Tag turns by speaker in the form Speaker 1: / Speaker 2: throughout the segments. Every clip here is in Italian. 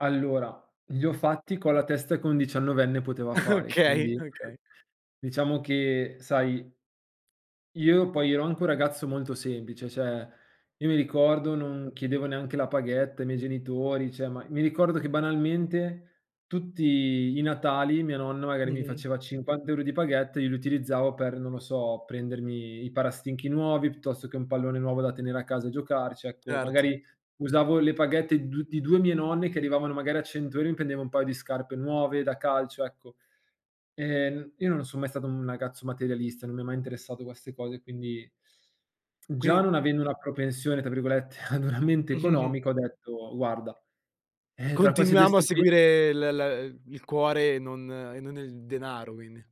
Speaker 1: Allora, li ho fatti con la testa che un diciannovenne poteva fare.
Speaker 2: Okay,
Speaker 1: Quindi
Speaker 2: okay.
Speaker 1: diciamo che sai io poi ero anche un ragazzo molto semplice, cioè, io mi ricordo, non chiedevo neanche la paghetta ai miei genitori, cioè ma mi ricordo che banalmente tutti i natali mia nonna magari mi
Speaker 2: Mh-mh.
Speaker 1: faceva 50 € di paghetta e io li utilizzavo per, non lo so, prendermi i parastinchi nuovi piuttosto che un pallone nuovo da tenere a casa e giocarci. Ecco
Speaker 2: Certo.
Speaker 1: magari usavo le paghette du di 2 mie nonne che arrivavano magari a 100 €, mi prendevo un paio di scarpe nuove da calcio, ecco. Ehm, n io non son mai stato un ragazzo materialista, non mi ha mai interessato queste cose, quindi già
Speaker 2: Quin
Speaker 1: non avendo una propensione tra virgolette, ad una mente economica, ho detto: "Guarda eh, tra questi 2
Speaker 2: Continuiamo a
Speaker 1: stipen"
Speaker 2: seguire l l il cuore e non e non il denaro quindi.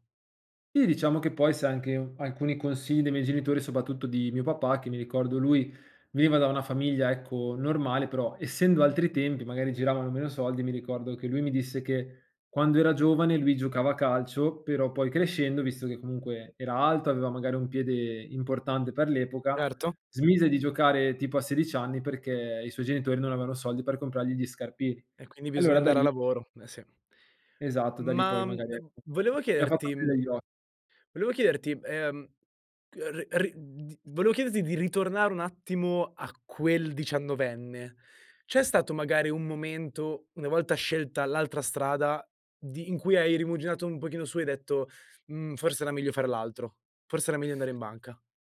Speaker 1: Sì diciamo che poi sai anche alcuni consigli dei miei genitori, soprattutto di mio papà, che mi ricordo lui veniva da una famiglia, ecco, normale, però essendo altri tempi, magari giravano meno soldi, mi ricordo che lui mi disse che quando era giovane lui giocava a calcio, però poi crescendo, visto che comunque era alto, aveva magari un piede importante per l'epoca,
Speaker 2: Erto.
Speaker 1: smise di giocare tipo a sedici anni perché i suoi genitori non avevano soldi per comprargli gli scarpini,
Speaker 2: E quindi bisogna
Speaker 1: allora da
Speaker 2: andare a
Speaker 1: lì
Speaker 2: lavoro. Eh, sì.
Speaker 1: Esatto, da lì poi
Speaker 2: Ma, mhmm,
Speaker 1: magari e
Speaker 2: [unintelligible] volevo
Speaker 1: mi ha fatto
Speaker 2: chiederti mhmm,
Speaker 1: aprire gli o
Speaker 2: volevo chiederti, ehm, g r ri di volevo chiederti di ritornare un attimo a quel diciannovenne. C'è stato magari un momento, una volta scelta l'altra strada, di in cui hai rimuginato un pochino su e hai detto: "Mhmm, forse era meglio fare l'altro, forse era meglio andare in banca."